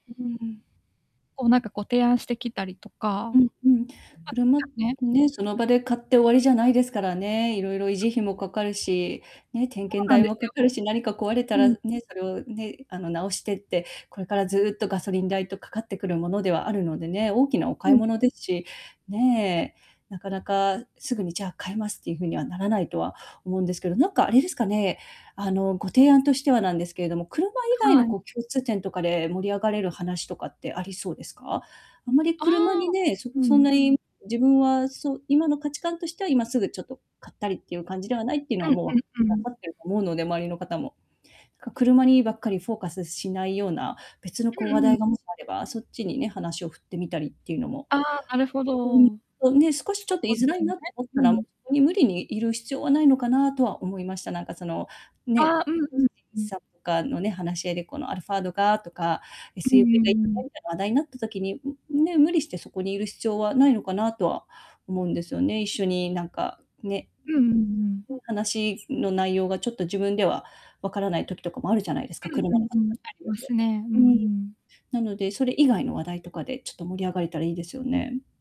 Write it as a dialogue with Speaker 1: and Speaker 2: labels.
Speaker 1: ううーん。
Speaker 2: こう、なんか、こう、提案してきたりと
Speaker 1: う
Speaker 2: か。
Speaker 1: ん
Speaker 2: ポ
Speaker 1: うん。
Speaker 2: ツ
Speaker 1: 車
Speaker 2: カね。
Speaker 1: ね、その場で買って終わりじゃないですからね。色々、維
Speaker 2: [unintelligible]
Speaker 1: 持
Speaker 2: そ
Speaker 1: 費もかかるし、ね、点検
Speaker 2: うなん
Speaker 1: 代
Speaker 2: です
Speaker 1: もか
Speaker 2: よ。
Speaker 1: かるし、何か壊れた
Speaker 2: う
Speaker 1: ら
Speaker 2: ん。
Speaker 1: ね、それを、ね、あの、直してって、これからずっとガソリン代と、かかってくるものではあるのでね、大きなお
Speaker 2: う
Speaker 1: 買い
Speaker 2: ん。
Speaker 1: 物ですし。ねえ、なかなか、すぐに「じゃあ、替えます」っていう風にはならないとは思うんですけど。なんか、あれですかね、あの、ご提案としてはなんですけれども、車以外
Speaker 2: は
Speaker 1: の、
Speaker 2: い。
Speaker 1: こう、共通点とかで盛り上がれる話とかってありそうですか？あまり
Speaker 2: あ
Speaker 1: 車
Speaker 2: あ、
Speaker 1: にね、そ
Speaker 2: う
Speaker 1: くそん
Speaker 2: ん。
Speaker 1: なに自分はそ今の価値観としては今すぐ、ちょっと買ったりっていう感じではないっていうの
Speaker 2: う
Speaker 1: は、
Speaker 2: ん
Speaker 1: もう分か
Speaker 2: うんう
Speaker 1: 分
Speaker 2: ん。
Speaker 1: かっていると思うので、周りの方も。か、車にばっかりフォーカスしないような別の、こう、話
Speaker 2: うんうん。
Speaker 1: 題がもしあれば、そっちにね、話を振ってみたりっていうのも。
Speaker 2: ああ、なるほど。
Speaker 1: ううーん。
Speaker 2: そ
Speaker 1: そう、ね、少し、ちょっと、い
Speaker 2: うで
Speaker 1: づら
Speaker 2: す
Speaker 1: い
Speaker 2: よね。
Speaker 1: なと思っ
Speaker 2: う
Speaker 1: たら、
Speaker 2: んう
Speaker 1: も
Speaker 2: ん。
Speaker 1: う、そこに無理にいる必要はないのかなとは思いました。なんか、その、
Speaker 2: あ
Speaker 1: ね、
Speaker 2: あ、うんうん。
Speaker 1: 知人
Speaker 2: うん。
Speaker 1: さんとかのね、話し合いで、このアルファードがとか、えす
Speaker 2: うん
Speaker 1: ゆーぶい
Speaker 2: う
Speaker 1: が今
Speaker 2: んう
Speaker 1: 流行
Speaker 2: ん。
Speaker 1: りだ話題になった時に、うんね、無理してそこにいる必要はないのかなとは思うんですよね。一緒になんか、ね、
Speaker 2: うんうんうん。
Speaker 1: うん、ね、話の内容が、ちょっと自分ではわからない時とかもあるじゃないですか、車
Speaker 2: う
Speaker 1: の
Speaker 2: んうんうん。ありますね。う
Speaker 1: [unintelligible]
Speaker 2: ん、うー
Speaker 1: うん。
Speaker 2: ん。
Speaker 1: なので、それ以外の話題とかでちょっと盛り上がれたらいいですよね。